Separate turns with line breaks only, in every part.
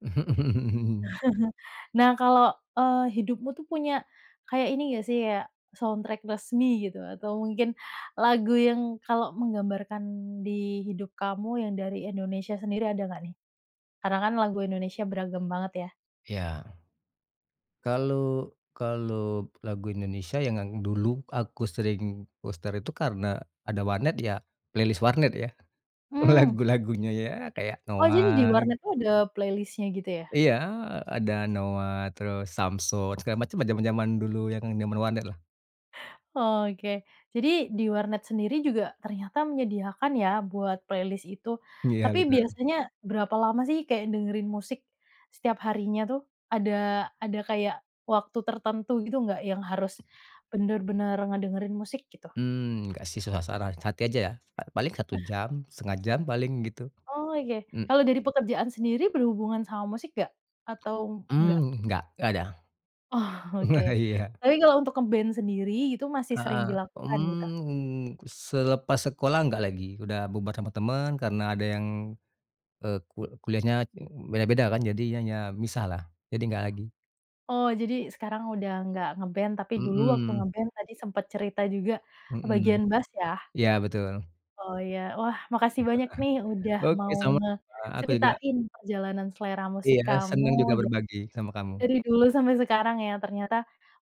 Nah kalau, eee, hidupmu tuh punya kayak ini nggak sih ya, soundtrack resmi gitu, atau mungkin lagu yang kalau menggambarkan di hidup kamu yang dari Indonesia sendiri ada nggak nih? Karena kan lagu Indonesia beragam banget ya.
Iya. Kalau kalau lagu Indonesia yang ang dulu aku sering puter itu karena ada warnet ya, playlist warnet ya,
Hmm.
lagu-lagunya ya kayak
Oh jadi di
Noah.
warnet tuh ada playlist-nya gitu ya?
Iya ada Noah terus, Samsons segala macemlah, jaman-jaman dulu yang jaman warnetlah.
Oke, jadi di warnet sendiri juga ternyata menyediakan ya buat playlist itu.
Iya
Tapi
bener.
biasanya berapa lama sih kayak dengerin musik setiap harinya tuh? Ada ada kayak waktu tertentu gitu nggak yang harus bener-bener ngedengerin musik gitu?
Mmm, nggak sih suasana hati aja ya, a paling 1
Eh.
jam, 1/2 jam paling gitu,
Oke,
m
kalau dari pekerjaan sendiri berhubungan sama musik nggak? Atau, nggak?
Mmm, nggak, nggak ada,
Oh, oke.
iya.
Tapi kalau untuk nge-band sendiri itu masih sering
Heeh,
dilakukan gitu?
mmm, selepas sekolah nggak lagi, udah bubar sama temen, karena ada yang, eee, ku kuliahnya e beda-beda kan, jadi ya ya misahlah. Jadi nggak lagi.
Oh jadi sekarang udah nggak nge-band, tapi dulu waktu
Mhm.
nge-band tadi sempet cerita juga,
Mhm,
bagian bass ya.
iya betul.
Oh ya. Wah makasih banyak nih udah
Oke
mau
sama-sama, aku juga
ngeceritain perjalanan selera musik
Iya,
kamu
senang juga
da
berbagi sama kamu.
dari dulu sampai sekarang yang ternyata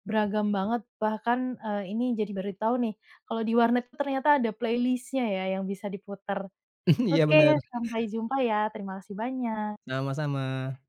beragam banget, bahkan, eee, ini jadi baru tahu nih kalau di warnet tuh ternyata ada playlist-nya ya yang bisa diputar.
Iya
Oke,
bener.
sampai jumpa ya. Terima kasih banyak.
Sama-sama.